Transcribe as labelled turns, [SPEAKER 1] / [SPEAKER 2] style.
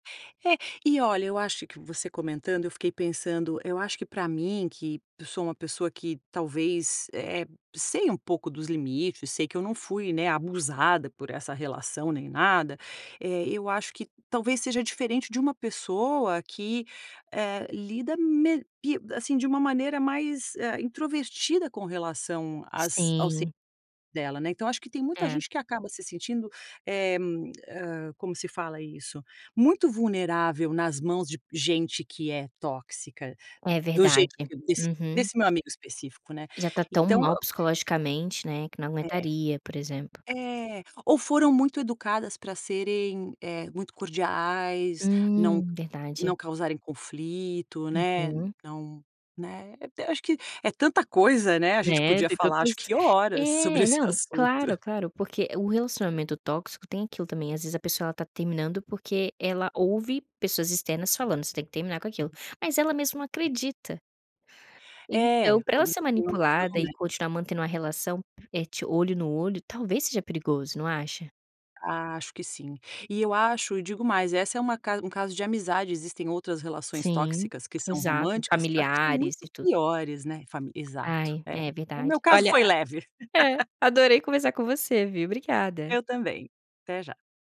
[SPEAKER 1] É, e olha, eu acho que você comentando, eu fiquei pensando, eu acho que pra mim que eu sou uma pessoa que, talvez, eh eh, sei um pouco dos limites, sei que eu não fui, né, abusada por essa relação nem nada, eh, eu acho que talvez seja diferente de uma pessoa que, eh, lida me pi assim, de uma maneira mais, ah, introvertida com relação às ao ci
[SPEAKER 2] Sim.
[SPEAKER 1] dela, né. Então, acho que tem muita
[SPEAKER 2] É.
[SPEAKER 1] gente que acaba se sentindo, eh, hã, como se fala isso? Muito vulnerável nas mãos de gente que é tóxica,
[SPEAKER 2] É
[SPEAKER 1] do
[SPEAKER 2] verdade,
[SPEAKER 1] jeito que desse
[SPEAKER 2] uhum.
[SPEAKER 1] desse meu amigo específico, né,
[SPEAKER 2] E já tá tão
[SPEAKER 1] então
[SPEAKER 2] mal psicologicamente, né, que não
[SPEAKER 1] É.
[SPEAKER 2] aguentaria, por exemplo.
[SPEAKER 1] É, ou foram muito educadas pra serem, eh, muito cordiais, não
[SPEAKER 2] Hum, verdade.
[SPEAKER 1] não causarem conflito, né,
[SPEAKER 2] Uhum.
[SPEAKER 1] não né, eu acho que é tanta coisa, né, a gente
[SPEAKER 2] É,
[SPEAKER 1] podia
[SPEAKER 2] tem
[SPEAKER 1] falar acho
[SPEAKER 2] tantos
[SPEAKER 1] horas sobre
[SPEAKER 2] é,
[SPEAKER 1] esse
[SPEAKER 2] não,
[SPEAKER 1] assunto.
[SPEAKER 2] claro, claro, porque o relacionamento tóxico tem aquilo também, às vezes, a pessoa ela tá terminando, porque ela ouve pessoas externas falando "Você tem que terminar com aquilo",
[SPEAKER 1] Uhum.
[SPEAKER 2] mas ela mesmo não
[SPEAKER 1] É.
[SPEAKER 2] acredita. Então,
[SPEAKER 1] É,
[SPEAKER 2] pra ela
[SPEAKER 1] quando
[SPEAKER 2] ser
[SPEAKER 1] não tem ação,
[SPEAKER 2] manipulada, e
[SPEAKER 1] né?
[SPEAKER 2] continuar mantendo uma relação et olho no olho talvez seja perigoso, não acha?
[SPEAKER 1] Acho que sim, e eu acho e digo mais essa é uma ca um caso de amizade, existem outras relações
[SPEAKER 2] Sim,
[SPEAKER 1] tóxicas, que são
[SPEAKER 2] exato,
[SPEAKER 1] românticas que eu acho que são
[SPEAKER 2] familiares e
[SPEAKER 1] muito
[SPEAKER 2] tudo.
[SPEAKER 1] piores, né, fami exato
[SPEAKER 2] Ai, é
[SPEAKER 1] é, o
[SPEAKER 2] verdade.
[SPEAKER 1] meu caso
[SPEAKER 2] Olha
[SPEAKER 1] foi leve.
[SPEAKER 2] a é, adorei conversar com você, viu, obrigada.
[SPEAKER 1] Eu também, até já.